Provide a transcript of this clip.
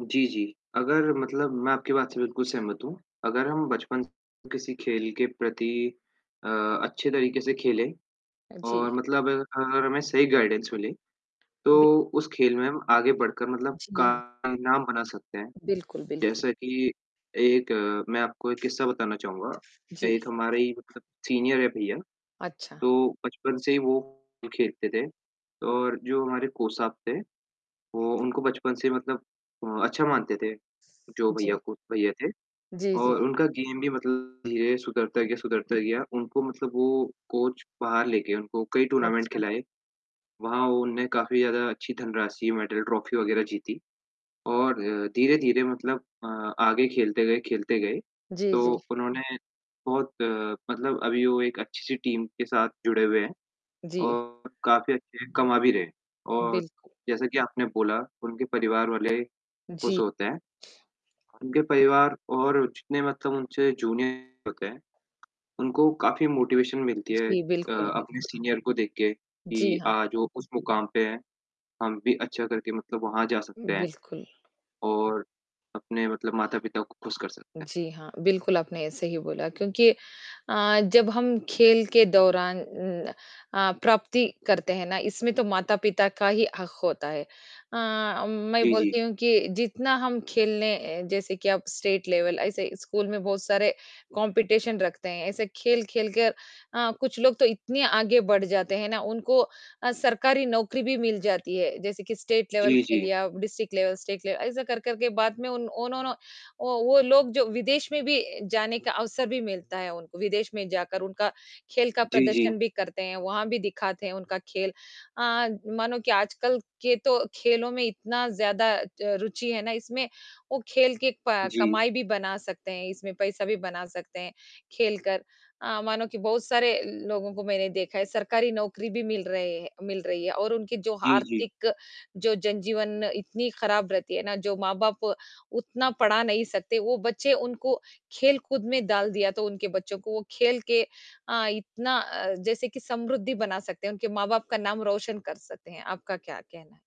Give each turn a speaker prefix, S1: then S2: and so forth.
S1: जी, जी, अगर मतलब मैं आपकी बात से बिल्कुल सहमत हूँ। अगर हम बचपन से किसी खेल के प्रति अ, अच्छे तरीके से खेले
S2: अ,
S1: और
S2: जी।
S1: मतलब अगर हमें सही गाइडेंस मिले,
S2: बि
S1: तो उस खेल में हम आगे बढ़कर मतलब
S2: जी,
S1: का
S2: हाँ।
S1: नाम बना सकते हैं,
S2: बिल्कुल, बिल्कुल।
S1: जैसा की एक मैं आपको एक किस्सा बताना चाहूँगा,
S2: जी।
S1: एक हमारे ही मतलब सीनियर है भईया,
S2: अच्छा।
S1: तो बचपन से ही वो खेलते थे और जो हमारे कोच साब थे, वो उनको बचपन से मतलब अ, अच्छा मानते थे जो भईया
S2: जी।
S1: को भईया थे
S2: जी, जी।
S1: और उनका गेम भी मतलब धीरे सुधरता गया, सुधरता गया उनको मतलब वो कोच बाहर लेके उनको कई
S2: को
S1: टूर्नामेंट
S2: अच्छा।
S1: खिलाए, वहाँ उन्होंने काफ़ी ज़्यादा अच्छी धनराशि, मेडल, ट्रॉफी वगैरह जीती और अ, धीरे-धीरे मतलब अ, आगे खेलते गए खेलते गए,
S2: जी,
S1: तो
S2: जी।
S1: उन्होंने बहुत अ, मतलब अभी वो एक अच्छी सी टीम के साथ जुड़े हुए है
S2: जी।
S1: और काफ़ी अच्छे कमा भी रहे हैं और
S2: बिल्कुल।
S1: जैसा की आपने बोला उनके परिवार वाले खुश
S2: जी।
S1: होते हैं। उनके परिवार और जितने मतलब उनसे जूनियर होते हैं उनको काफ़ी मोटिवेशन मिलती है
S2: जी,
S1: अ,
S2: बिल्कुल,
S1: अपने
S2: बिल्कुल।
S1: सीनियर को देख के
S2: जी,
S1: कि
S2: हाँ।
S1: आज वो उस मुकाम पे हैं, हम भी अच्छा करके मतलब वहाँ जा सकते हैं
S2: बिल्कुल।
S1: और अपने मतलब माता-पिता को खुश कर सकते हैं।
S2: जी हाँ। बिल्कुल आपने सही बोला क्योंकि अ, जब हम खेल के दौरान अ, प्राप्ति करते हैं ना, इसमें तो माता-पिता का ही हक़ होता है अ, मैं
S1: जी, जी।
S2: बोलती हूँ कि जितना हम खेलें, जैसे कि अब स्टेट लेवल ऐसे स्कूल में बहुत सारे कॉम्पिटिशन रखते हैं। ऐसे खेल-खेल के अ, कुछ लोग तो इतने आगे बढ़ जाते हैं ना उनको अ, सरकारी नौकरी भी मिल जाती है, जैसे कि स्टेट लेवल
S1: जी,
S2: खेल
S1: जी।
S2: या डिस्ट्रिक्ट लेवल, स्टेट लेवल ऐसा कर कर के बाद में ओनोनो ओ वो लोग जो विदेश में भी जाने का अवसर भी मिलता है उनको, विदेश में जाकर उनका खेल का
S1: जी, जी।
S2: प्रदर्शन भी करते हैं, वहाँ भी दिखाते हैं उनका खेल। अ, मानो कि आजकल के तो खेलों में इतनी ज़्यादा अ, रुचि है ना इसमें, वो खेल की अ,
S1: जी।
S2: कमाई भी बना सकते हैं, इसमें पैसा भी बना सकते हैं खेल कर। अ, मानो कि बहुत सारे लोगों को मैंने देखा है, सरकारी नौकरी भी मिल रही है मिल रही है और उनके जो
S1: जी, जी।
S2: आर्थिक जो जनजीवन इतनी खराब रहती है ना, जो माँ-बाप उतना पढ़ा नहीं सकते, वो बच्चों को खेल-कूद में डाल दिया तो उनके बच्चे को खेल के अ, इतना अ, जैसे कि समृद्धि बना सकते हैं, उनके माँ-बाप का नाम रोशन कर सकते हैं। आपका क्या कहना है?